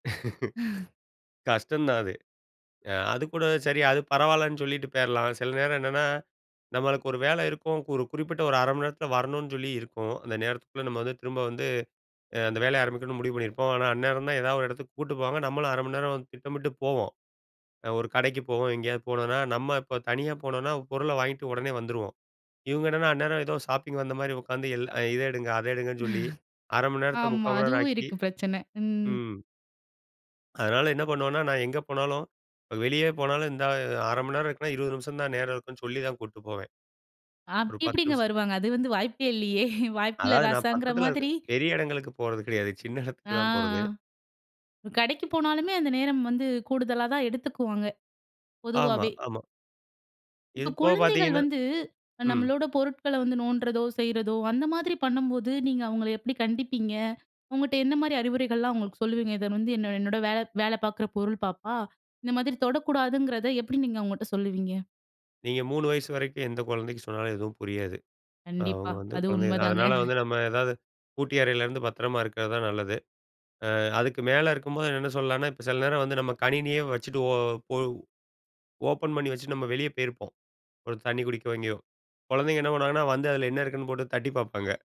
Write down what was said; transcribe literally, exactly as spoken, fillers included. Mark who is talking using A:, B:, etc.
A: கஷ்டம் தான் அது. அ அதுக்கூட சரி அது பரவாயில்லன்னு சொல்லிட்டு போயிர்லாம். சில நேரம் என்னன்னா, நம்மளுக்கு ஒரு வேலை இருக்கும். ஒரு குறிப்பிட்ட ஒரு அரை மணி நேரத்தில வரணுன்னு சொல்லி இருக்கும். அந்த நேரத்துக்குள்ள நம்ம வந்து திரும்ப வந்து அ அந்த வேலைய ஆரம்பிக்கணும்னு முடிவு பண்ணியிருப்போம். ஆனா, அந்நேரம் தான் எதாவது ஒரு இடத்துக்கு கூட்டு போவாங்க, நம்மளும் அரை மணி நேரம் திட்டமிட்டு போவோம். அ ஒரு கடைக்கு போவோம். எங்கேயாவது போனோன்னா, நம்ம இப்போ தனியா போனோனா பொருள வாங்கிட்டு உடனே வந்துருவோம். இவுங்க என்னன்னா, அந்நேரம் ஏதோ ஷாப்பிங் வந்தமாரி உட்காந்து எல் இத எடுங்க அதை எடுங்கன்னு சொல்லி,
B: [unintelligible]
A: அரை மணி நேரத்த
B: ஆமா
A: முக்கால் மணி நேரம்
B: அதுவும்
A: ஆக்கி
B: இருக்கு பிரச்சன, ம்.
A: ம். அதனால என்ன பண்ணுவன்னா, நான் எங்க போனாலும் வெளியே போனாலும் இந்த அ அரை மணி நேரம் இருக்குன்னா, இருவது நிமிஷம் தான் நேரம் இருக்குன்னு சொல்லி தான் கூட்டு போவேன்.
B: ஆ.
A: ஒரு பத்து
B: எப்பிடிங்க
A: நிமிஷ்
B: வருவாங்க? அது வந்து வாய்ப்பே இல்லையே! வாய்ப்பில்ல
A: அதாவது நான்
B: ராசாங்கிற
A: பக்கத்தில இருக்க
B: மாதிரி.
A: பெரிய இடங்களுக்கு போறது கிடையாது. சின்ன
B: ஆ,
A: இடத்துக்கு தான் போறது.
B: ஆ. கடைக்கு போனாலுமே அந்த நேரம் வந்து கூடுதலா தான் எடுத்துக்குவாங்க.
A: ஆமா,
B: பொதுவாவே!
A: ஆமா.
B: இப்ப
A: இதுபோக
B: குழந்தைகள்
A: பாத்தீங்கன்னா
B: வந்து அ
A: ம்.
B: நம்மளோட பொருட்கள்ல வந்து நோண்டுறதோ! செய்றதோ! அந்த மாதிரி பண்ணும்போது, நீங்க அவுங்கள எப்பிடி கண்டிப்பீங்க? உங்கட்ட என்னமாரி அறிவுரைகள்லாம் அவுங்களுக்கு சொல்லுவீங்க. "இத வந்து என்ன என்னோட வேல, வேல பாக்குற பொருள் பாப்பா! இந்த மாதிரி தொடக்கூடாதுங்கிறத" எப்பிடி நீங்க அவுங்கட்ட சொல்லுவீங்க.
A: நீங்க மூனு வயசு வரைக்கும் எந்த குழந்தைக்கு சொன்னாலும் எதுவும் புரியாது.
B: கண்டிப்பா.
A: நாம வந்து
B: அது
A: குழந்தைக தான்.
B: உண்மைதாங்க.
A: அதனால வந்து நம்ம ஏதாவது பூட்டிய அறையிலருந்து பத்திரமா இருக்கிறது தான் நல்லது. அ அதுக்கு மேல இருக்கும்போது, என்னன்னு சொல்லலான்னா, இப்ப சில நேரம் வந்து நம்ம கணினியே வச்சுட்டு ஓ ஒ ஓப்பன் பண்ணி வச்சுட்டு நம்ம வெளிய போயிருப்போம். ஒரு தண்ணீ குடிக்கவோ, எங்கேயோ குழந்தைங்க என்ன பண்ணுவாங்கன்னா வந்து அதில என்ன இருக்குன்னு போட்டு தட்டிப் பாப்பாங்க.